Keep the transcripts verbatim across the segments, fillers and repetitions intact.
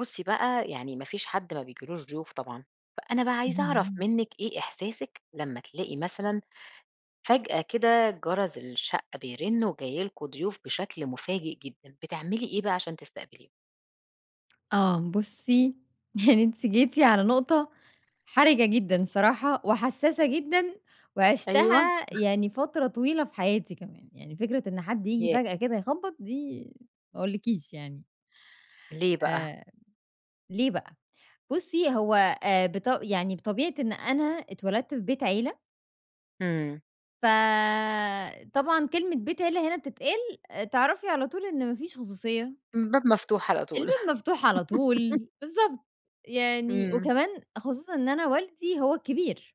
بُصّي بقى يعني ما فيش حد ما بيجيلوش ضيوف طبعًا، فأنا بقى عايزة أعرف اهم. منِّك إيه إحساسِك لمّا تلاقي مثلًا فجأة كده جرس الشقة بيرن وجاي لكم ضيوف بشكل مفاجئ جدًا، بتعملي إيه بقى علشان تستقبليهُم؟ آه بُصّي يعني أنتِ جيتِ على نُقطة، حَرِجة جدًا صراحة وحساسة جدًا، أيوه. وعِشتها يعني فترة طويلة في حياتي كمان، يعني فكرة إن حد ييجي يا فجأة كده يخبَّط دي ما اقولكيش يعني. ليه بقى؟ آآ ليه بقى بصّي هو آآ بط يعني بطبيعة إن أنا اتولدت في بيت عيلة إمم. فطبعًا كلمة بيت عيلة هنا بتتقال، تعرفي على طول إن ما فيش خصوصية. الباب مفتوح على طول.. الباب مفتوح على طول، بالضبط يعني إمم. وكمان خصوصًا إن أنا والدي هو الكبير.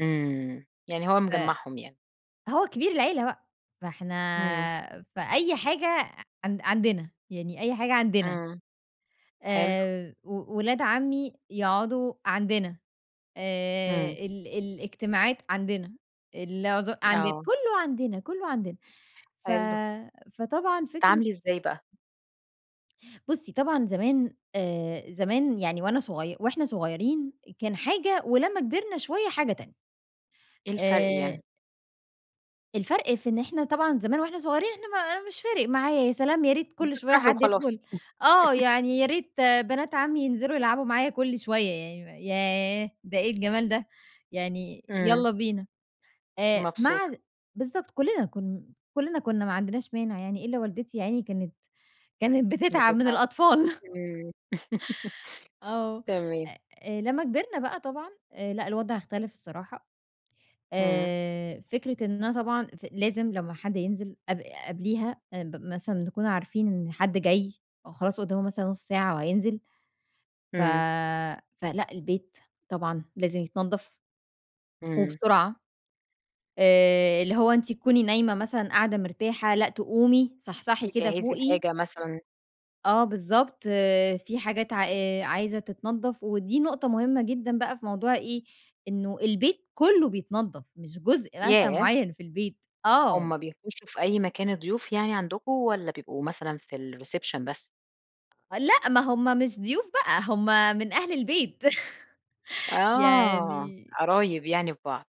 إمم يعني هو ف مجمّعهُم يعني. هو كبير العيلة بقى، فإحنا إمم. فأي حاجة عن عندنا يعني أي حاجة عندنا. إمم حلو. آآ و ولاد عمّي يقعدوا عندنا آآ إمم. ال الاجتماعات عندنا العز عندنا آه. كُلّه عندنا كُلّه عندنا ف حلو. فطبعا فكرة تَتعاملي إزاي بقى؟ بصّي طبعًا زمان آآ زمان يعني وأنا صغي وإحنا صغيرين كان حاجة ولمّا كِبرنا شوية حاجة تانية. إيه الفرق آآ يعني؟ الفرق في إن إحنا طبعًا زمان وإحنا صغيرين إحنا ما أنا مش فارق معايا، يا سلام، يا ريت كل شوية بتفرحي حد وخلاص. يدخل آه، يعني يا ريت بنات عمي ينزلوا يلعبوا معايا كل شوية يعني م ياه! ده إيه الجمال ده يعني إمم. يالّا بينا. آآ، مع مبسوطة. ذ بالضبط، كُلّنا كُ كُلّنا كُنّا ما عندناش مانع يعني، إلا والدتي يا عيني كانت كانت بتتعب من بتتعَبي، الأطفال. إمم. آه. تمام. آآ، لمّا كبرنا بقى طبعًا آآ، لأ، الوضع اختلف الصراحة. إمم. آآ، فكرة إن أنا طبعًا ف لازم لمّا حد ينزل قب قبليها آآ ب مثلًا نكون عارفين إن حد جاي، أو خلاص قُدّامُه مثلًا نُص ساعة وهينزل. ف إمم. فلأ البيت طبعًا لازم يتنَضّف، إمم. وبسرعة. آآ، اللي هو أنتِ تكوني نايمة مثلًا، قاعدة مرتاحة، لأ، تقومي صحصحي كده تجَهّزي فوقي. الحاجة مثلًا. آه بالضبط، في حاجات عا آآ، عايزة تتنَضّف ودي نقطة مهمة جدًا بقى في موضوع إيه، إنه البيت كُلُّه بيتنضّف، مش جزء مثلًا ياه! مُعيّن في البيت، آه. هُم بيخُشّوا في أي مكان الضيوف يعني عندكم والّا بيبقوا مثلًا في الreception بس؟ لأ، ما هُم مش ضيوف بقى هُم من أهل البيت. آه، يعني قرايب يعني في بعض.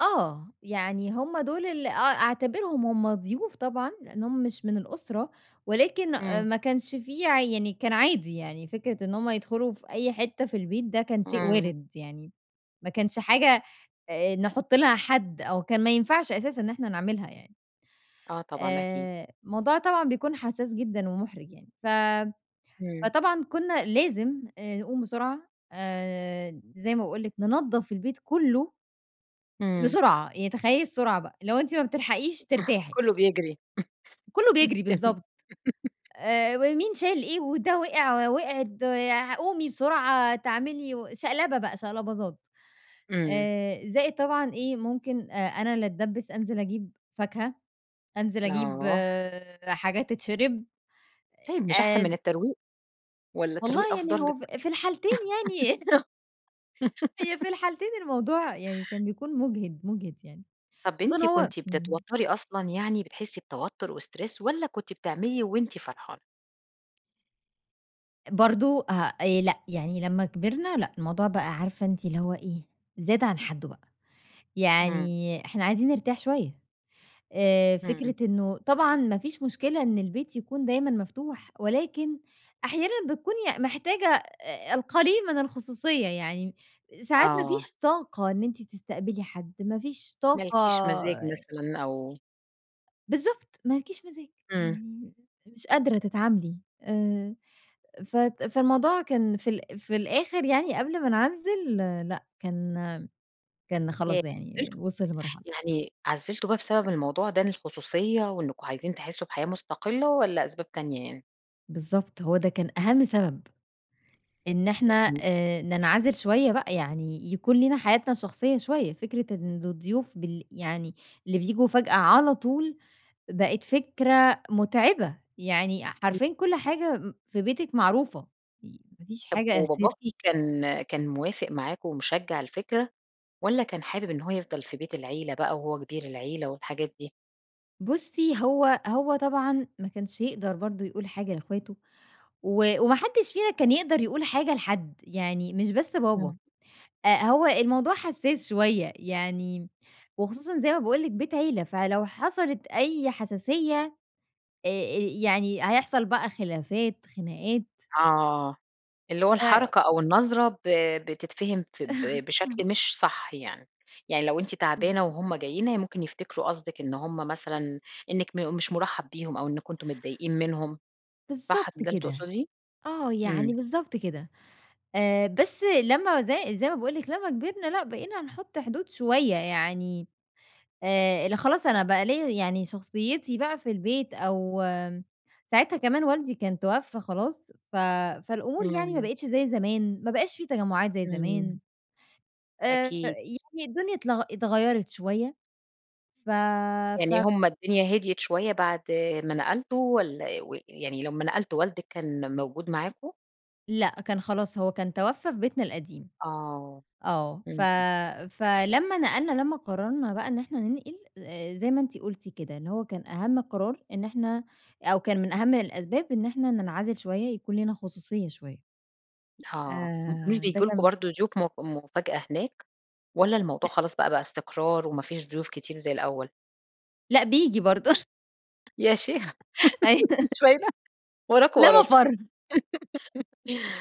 آه. يعني هُم دُول اللي آه أعتبرهم هُم ضيوف طبعًا؛ لأن هم مش من الأسرة، ولكن إمم. ما كانش فيه يعني كان عادي يعني، فكرة إن هُم يدخلوا في أي حتة في البيت ده كان شيء إمم. وارد يعني، ما كانش حاجة، آآ، نحط لها حد أو كان ما ينفعش أساسًا إن إحنا نعملها يعني. آه طبعًا أكيد. آآ الموضوع طبعًا بيكون حساس جدًا ومُحرِج يعني ف إمم. فطبعًا كنا لازم آآ نقوم بسرعة آآ، زي ما باقول لِك، ننضف البيت كله. إمم. بسرعة، يعني تخيَّلي السرعة بقى، اللي هو أنتِ ما بتلحقيش ترتاحي. كله بيجري. كُله بيجري، تم بالضبط. آآ مين شايل إيه وده وقع، وقعِت قومي بسرعة، تعملي شقلبة بقى شقلباظات، إمم. آآ زائد طبعًا إيه ممكن آآ أنا اللي أتدبِّس أنزِل أجيب فاكهة، أنزِل أجيب آه. حاجات تتشرب طيب مش أحسن من آآ الترويق والّا الترويق والله يعني أفضل هو لِك؟ ف في الحالتين يعني هي في الحالتين الموضوع يعني كان بيكون مُجهِد، مُجهِد يعني طَب خصوصًا أنتِ هو كنتِ إمم. بتتوتري أصلًا يعني، بتحسي بتوتر وStress والّا كنتِ بتعملي وأنتِ فرحانة؟ برضه ها آآ لأ يعني لمّا كبرنا، لأ، الموضوع بقى عارفة أنتِ اللي هو إيه زاد عن حدّه بقى إمم. يعني إحنا عايزين نرتاح شوية آآ فكرة همم. إنه طبعًا ما فيش مشكلة إن البيت يكون دايمًا مفتوح، ولكن أحيانًا بتكوني محتاجة أ أ القليل من الخصوصية يعني، ساعات ما آه. فيش طاقة إن أنتِ تستقبلي حد ما فيش ما طاقة لكيش مزاج مثلًا أو بالضبط، ما لكيش مزاج إمم. يعني مش قادرة تتعاملي آآ فت فالموضوع كان في الآ في الآخر يعني قبل ما نعزّل، لأ، كان كان ياه خلاص يعني عزّلتوا! وصل لمرحلة يعني عزّلتوا بقى بسبب الموضوع ده، إن الخصوصية وإنكم عايزين تحسوا بحياة مستقلّة، والّا أسباب تانية يعني؟ بالضبط، هو ده كان أهَم سبب إن إحنا اهم. آآ ننعزل شوية بقى يعني يكون لينا حياتنا الشخصية شوية، فكرة إن الضيوف بل يعني اللي بييجوا فجأة على طول بقت فكرة مُتعبة، يعني أ حرفيًا كل حاجة م في بيتِك معروفة ي ما فيش طب حاجة أ سر. وباباكِ كان كان موافق معاكم ومِشجع الفكرة، والّا كان حابب إن هو يفضل في بيت العيلة بقى وهو كبير العيلة والحاجات دي؟ بُصّّي هو هو طبعًا ما كانش يقدر برضه يقول حاجة لإخواته و وما حدش فينا كان يقدر يقول حاجة لحد يعني مش بس بابا، إمم. آآ، هو الموضوع حسّاس شوية يعني وخصوصًا زي ما باقول لِك بيت عِيلة فلو حصلت أي حساسية آآ آآ يعني هيحصل بقى خلافات، خناقات. آه، اللي هو ف الحركة أو النظرة ب بتتفهم فب بشكل مش صح يعني، يعني لو أنتِ تعبانة بالضب وهُم جايين هي ممكن يفتكروا قصدِك إن هُم مثلًا أنِك مو مش مُرحّب بيهم أو أنكم أنتم متضايقين منهم. صح بالضبط كان ده اللي كده. تقصدية؟ آه، يعني إمم. بالضبط كده. آآ بس لمّا زي زي ما باقول لِك لمّا كبرنا لأ، بقينا نحط حدود شوية يعني آآ ل خلاص أنا بقى ليّا يعني شخصيتي بقى في البيت أو آمم، ساعتها كمان والدي كان توفى خلاص ف فالأمور يعني ما إمم. بقيتش زي زمان ما بقاش في تجمعات زي زمان. إمم. آآ أكيد. فيعني الدنيا اتلغ اتغيّرت شوية ف يعني فك هُم الدنيا هديت شوية بعد ما نقلتوا والّا و يعني لمّا نقلتوا والدِك كان موجود معاكم؟ لأ كان خلاص هو كان توفّى في بيتنا القديم آه. آه ف اهم. فلمّا نقلنا لما قررنا بقى إن إحنا ننقل آآ زي ما أنتِ قُلتِ كده اللي هو كان أهَم القرار إن إحنا أو كان من أهَم الأسباب إن إحنا ننعزِل شوية يكون لينا خصوصية شوية. آه م مش آآ ده بييجي لكم كان برضه ضيوف مأ مفاجأة هناك والّا لأ. الموضوع خلاص بقى بقى استقرار وما فيش ضيوف كتير زي الأول؟ لأ بييجي برضه يا شي ما أيوه فيش فايدة! وراكم، لا وراكم.. مَفر.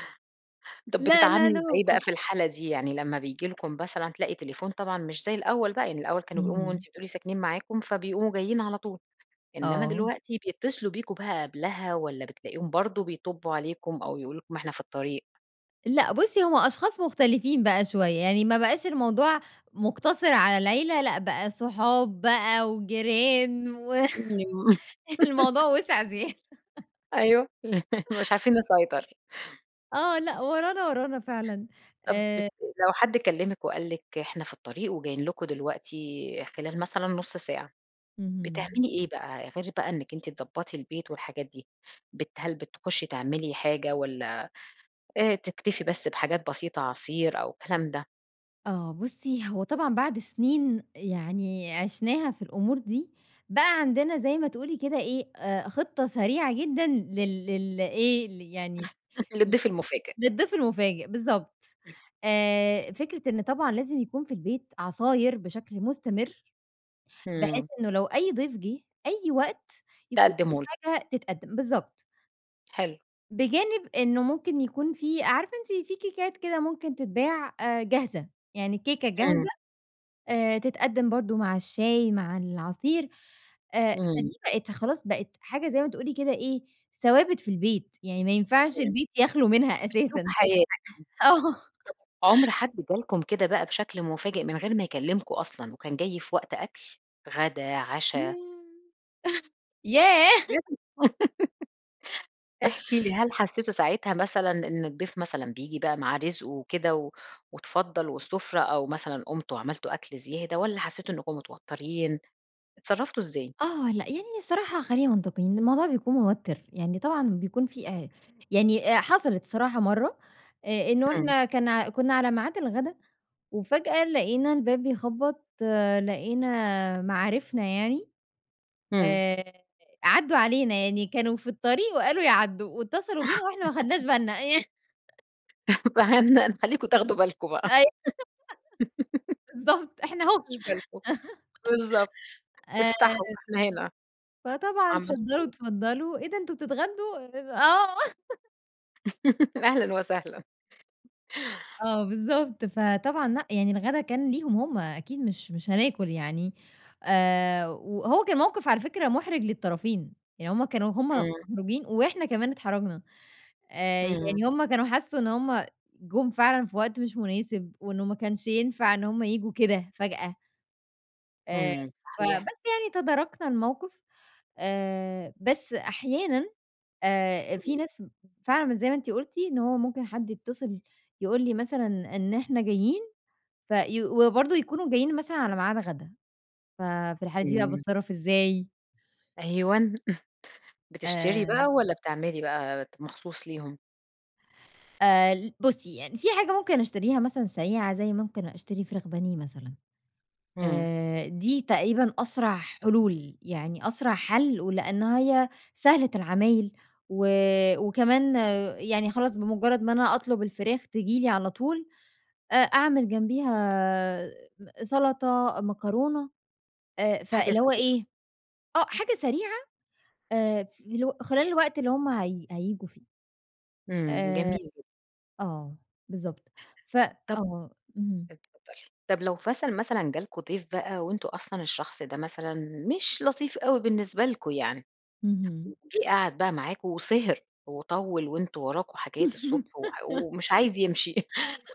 طب لأ لا بتتعاملي لا ازاي بقى مَفر. في الحالة دي، يعني لما بييجي لكم بثلًا هتلاقي تليفون طبعًا مش زي الأول بقى، يعني الأول كانوا بيقوموا اهم. وأنتِ بتقولي ساكنين معاكم فبيقوموا جايين على طول، إنما آه. دلوقتي بيتصلوا بيكم بقى قبلها والّا بتلاقيهم برضه بيطبّوا عليكم أو يقولوا لكم إحنا في الطريق؟ لأ بُصّي هُم أشخاص مختلفين بقى شوية، يعني ما بقاش الموضوع مقتصِر على العيلة لأ بقى صحاب بقى وجيران و امم. الموضوع وسع زيادة. أيوه مش عارفين نسيطر. آه لأ ورانا ورانا فعلًا طب بت آآ لو حد كلّمِك وقال لِك إحنا في الطريق وجايين لكم دلوقتي خلال مثلًا نُص ساعة اهم. بتعملي إيه بقى؟ غير بقى إنِّك أنتِ بتضبّطي البيت والحاجات دي بت هل بتخشّي تعملي حاجة والّا آآ تكتفي بس بحاجات بسيطة عصير أو الكلام ده؟ آه بُصّي هو طبعًا بعد سنين يعني عِشناها في الأمور دي، بقى عندنا زي ما تقولي كده إيه آآ خطّة سريعة جدًا لل لل إيه ل يعني ل للضيف المفاجئ. للضيف المفاجئ بالضبط آآ فكرة إن طبعًا لازم يكون في البيت عصاير بشكل مستمر، بحيث إمم. إنه لو أي ضيف جِه أي وقت يكون في تقدّموا ل حاجة تتقدم بالضبط. حلو. بجانب إنه ممكن يكون في عارفة أنتِ في كيكات كده ممكن تتباع آآ جاهزة، يعني الكيكة إمم. جاهزة آآ تتقدّم برضه مع الشاي مع العصير آآ إمم. فدي بقت خلاص، بقت حاجة زي ما تقولي كده إيه ثوابت في البيت يعني ما ينفعش إمم. البيت يخلو منها أسلوب أساسا بقت حياة. إم [unintelligible] حاجة آه. طب عُمر حد جالكم كده بقى بشكل مفاجئ من غير ما يكلمكوا أصلًا وكان جاي في وقت أكل، غدا، عشا؟ ياه! ياه! بجد احكي لي هل حسيتوا ساعتها مثلًا إن الضيف مثلًا بييجي بقى مع رزقه وكده و واتفضّل والسفرة أو مثلًا قُمتوا عملتوا أكل زيادة والّا حسيتوا إنِّكم متوترين إتصرفتوا ازاي؟ آه لأ يعني ني الصراحة خلّينا منطقيين، الموضوع بيكون موتر يعني طبعًا بيكون في أ يعني أ حصلت صراحة مرّة آآ إنه إمم. إحنا كان ع كنّا على ميعاد الغدا وفاجأة لقينا الباب بيخبط لقينا، مَعارفنا يعني إمم. آآ عدّوا علينا يعني كانوا في الطريق وقالوا يعدّوا واتصلوا بينا واحنا ما خدناش بالنا.. فهن هنخليكم تاخدوا [unintelligible] بالكم بقى. أي بالضبط، إحنا ما أهو. خدتوش بالكم. بالضبط. آآ، افتحوا، إحنا هنا. فطبعًا عملتِ اتفضلوا، إيه؟ اتفضلوا، إيه ده أنتم بتتغدوا آه. أهلًا وسهلًا. آه، بالضبط. فطبعًا لأ، يعني الغدا كان ليهم هُم أكيد مش مش هناكل يعني، آآ، وهو كان موقف على فكرة مُحرِج للطرفين، يعني هُم كانوا هُم إمم. مُحرَجين وإحنا كمان اتحرجنا. آآ، إمم. يعني هُم كانوا حسّوا إن هُم جُم فعلًا في وقت مش مناسب، وإنه ما كانش ينفع إن هُم ييجوا كده فجأة. آآ، إمم، صحيح. فبس يعني تداركنا الموقف، آآ، بس أحيانًا آآ، في إمم. ناس فعلًا مش زي ما أنتِ قلتِ إن هو ممكن حد يتصل يقول لي مثلًا إن إحنا جايين في وبرضو يكونوا جايين مثلًا على ميعاد غد.ا ففي الحالة دي بقى إمم. باتصرف إزاي؟ أيوًا، بتشتري بقى آآ والّا بتعملي بقى مخصوص ليهم؟ آآ، ل بُصي، يعني فيه حاجة ممكن أشتريها مثلًا سريعة، زي ممكن أشتري فراخ بانيه مثلًا. إمم. آآ، دي تقريبًا أسرع حلول، يعني أسرع حَل، ولأن هي سهلة العمايل و وكمان يعني خلاص بمجرد ما أنا أطلب الفراخ، تيجي لي على طول، أ أعمل جنبيها م سلطة، مكرونة، آآ، حاجة فاللي هو سريعة. إيه، آه، حاجة سريعة، آآ، فاللي هو خلال الوقت اللي هُم هي هييجوا فيه. إمم. آآ، جميل جدًا. آه، بالضبط. ف طَب آه. اهم. اتفضلي. طَب، لو [unintelligible] مثلًا جا لكم ضيف بقى وأنتم أصلًا الشخص ده مثلًا مش لطيف أوي بالنسبة لكم يعني، اهم. وجِه قعد بقى معاكم وسِهِر وطوِّل وأنتم وراكم حاجات الصبح وح ومش عايز يمشي،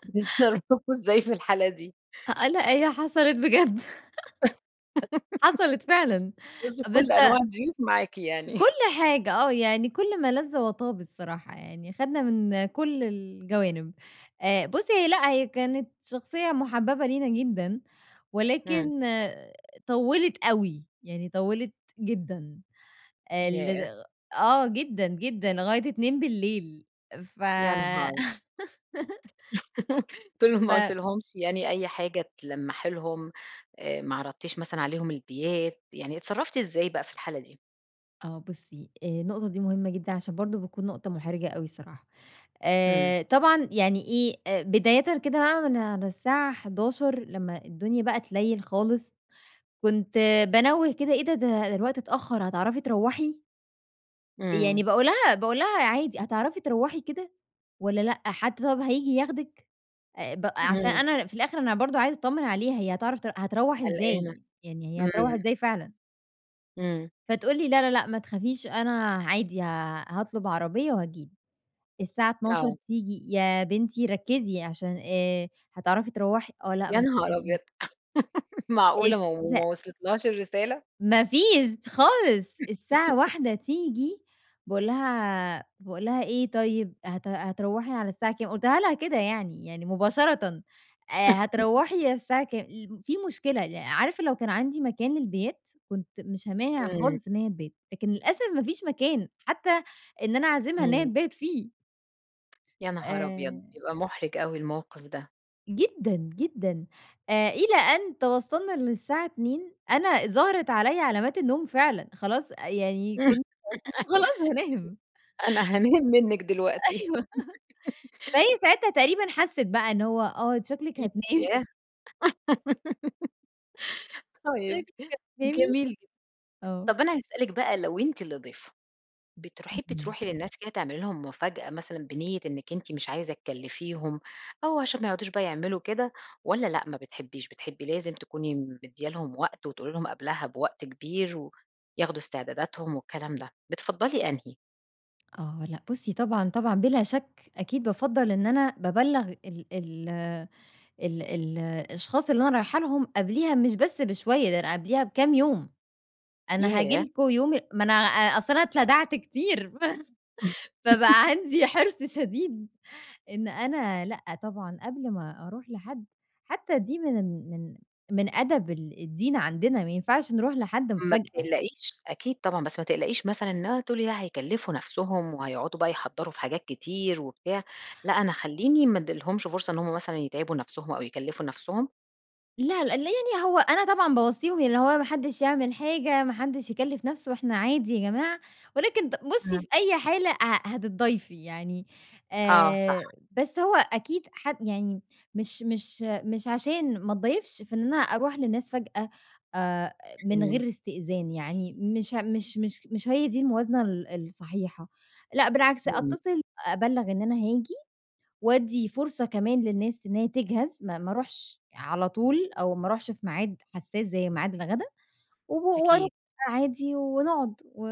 بتتصرفوا إزاي في الحالة دي؟ أ آه، لأ، هى حصلت بجد، حصلت فعلًا بُصي في بس كل أنواع الضيوف معاكِ يعني. كل حاجة. آه، يعني كل ما لذ وطاب الصراحة يعني، خدنا من كل الجوانب. آآ، بُصي، هي لأ، هي كانت شخصية محببة لينا جدًا، إمم. ولكن طوِّلت أوي، يعني طوِّلت جدًا آآ لد ياه! آه، جدًا جدًا، لغاية اتنين بالليل ف يا نهار! قلت لهم ما ف قلتلهمش يعني أي حاجة تلمَّحي لهم، آآ، ما عرضتيش مثلًا عليهم البيات يعني، اتصرَّفتِ إزاي بقى في الحالة دي؟ آه بُصّي آآ النقطة دي مهمة جدًا عشان برضه بتكون نقطة محرجة أوي الصراحة، إمم. آآ طبعًا يعني إيه أ بدايةً كده بقى من على الساعه حداشر لما الدنيا بقى تليل خالص كنت بانوّة كده إيه ده ده ده الوقت اتأخر هتعرفي تروُحي؟ إمم. يعني باقول لها باقول لها عادي هتعرفي تروُحي كده والّا لأ حد طب هييجي ياخدِك آآ بق عشان إمم. أنا في الآخر أنا برضه عايزة اتطمن عليها هي هتعرف تر هتروُح قلقانة ازاي يعني هي هتروُح إمم. ازاي فعلًا؟ إمم. فتقول لي لا لا لأ ما تخافيش أنا عادي ها هاطلب عربية وهتيجي لي الساعة اتناشر آه. تيجي يا بنتي ركّزي عشان آآ هتعرفي تروُحي آه لأ يا ما. نهار أبيض! [unintelligible] معقولة ما و إستفزا وما وصلتلهاش الرسالة؟ ما فيش خالص الساعة واحده تيجي باقول لها باقول لها إيه طيب هت هتروّحي على الساعة كام؟ قُلتها لها كده يعني يعني مباشرة آآ هتروّحي على الساعة كام الم في مشكلة لا عارفة لو كان عندي مكان للبيات كنت مش هامانع إمم. خالص إن هي تبات لكن للأسف ما فيش مكان حتى إن أنا اعزمها إن هي إمم. تبات فيه. يا نهار أبيض! آآ بيبقى مُحرِج أوي الموقف ده. جدًا، جدًا. آآ، إلى أن توصَّلنا إن الساعة اتنين أنا ظهرِت عليَّ علامات النوم فعلًا، خلاص يعني كنت [unintelligible] خلاص هانام. أنا هانام منِك دلوقتي. أيوه. فهي ساعتها تقريبًا حسِّت بقى إن هو "آه أنتِ شكلِك هتنامي.". [unintelligible] طيب. شكلِك هتنامي. جميل جدًا. آه. طَب أنا هاسألِك بقى لو أنتِ اللي ضيفة، بتر حبي اهم. تروحي للناس كده تعملي لهم مفاجأة مثلًا بنيِّة إنِك أنتِ مش عايزة تكلفيهم أو عشان ما يقعدوش بقى يعملوا كده، والّا لأ ما بتحبيش بتحبي لازم تكوني مدية لهم وقت، وتقولي لهم قبلها بوقت كبير و ياخدوا استعداداتهم والكلام ده، بتفضَّلي أنهي؟ آه لأ، بُصي طبعًا، طبعًا، بلا شك أكيد بافضَّل إن أنا بابلَّغ ال ال ال ال الأشخاص اللي أنا رايحة لهم، قبليها مش بس بشوية ده أنا قبليها بكام يوم، أنا هاجي ياه! لكم يوم ما أنا أ أصل أنا اتلدعت كتير فبقى عندي حرص شديد إن أنا لأ طبعًا قبل ما أروح لحد حتى دي من ال من من أدب ال الدِّين عندنا، ما ينفعش نروح لحد ما مفاجأة. بتقلقيش. أكيد طبعًا بس ما تقلقيش مثلًا إن هو تقولي لأ هيكلفوا نفسهم وهيقعدوا بقى يحضَّروا في حاجات كتير وبتاع، لأ أنا خلّيني ما اديلهمش فرصة إن هُم مثلًا يتعبوا نفسهم أو يكلفوا نفسهم؟ لا لأ ال يعني هو أنا طبعًا باوصِّيهم اللي هو ما حدش يعمل حاجة ما حدش يكلِّف نفسه إحنا عادي يا جماعة، ولكن ت بُصي إمم. في أي حالة ه هتتضايفي يعني، آه، صح. آآ، بس هو أكيد ح يعني مش مش مش عشان ما اتضايفش فإن أنا أروح للناس فجأة آآ، من إمم. غير استئذان يعني، مش مش مش مش هي دي الموازنة ال الصحيحة، لأ بالعكس إمم. أتصل أبلَّغ إن أنا هاجي، وادِّي فرصة كمان للناس إن هي تجهَز ما ما اروحش على طول أو ما أروحش في ميعاد حساس زي ميعاد الغدا، و وأروح أكيد. عادي ونقعد و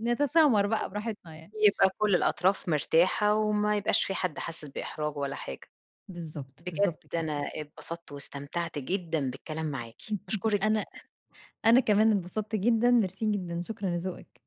نتسامر بقى براحتنا يعني. يبقى كل الأطراف مرتاحة وما يبقاش فيه حد حاسس بإحراج ولا حاجة. بالضبط. بجد بالضبط كده. أنا انبسطت واستمتعت جدًا بالكلام معاكِ، باشكرِك أنا جدًا. أنا كمان انبسطت جدًا، ميرسي جدًا، شكرًا لذوقِك.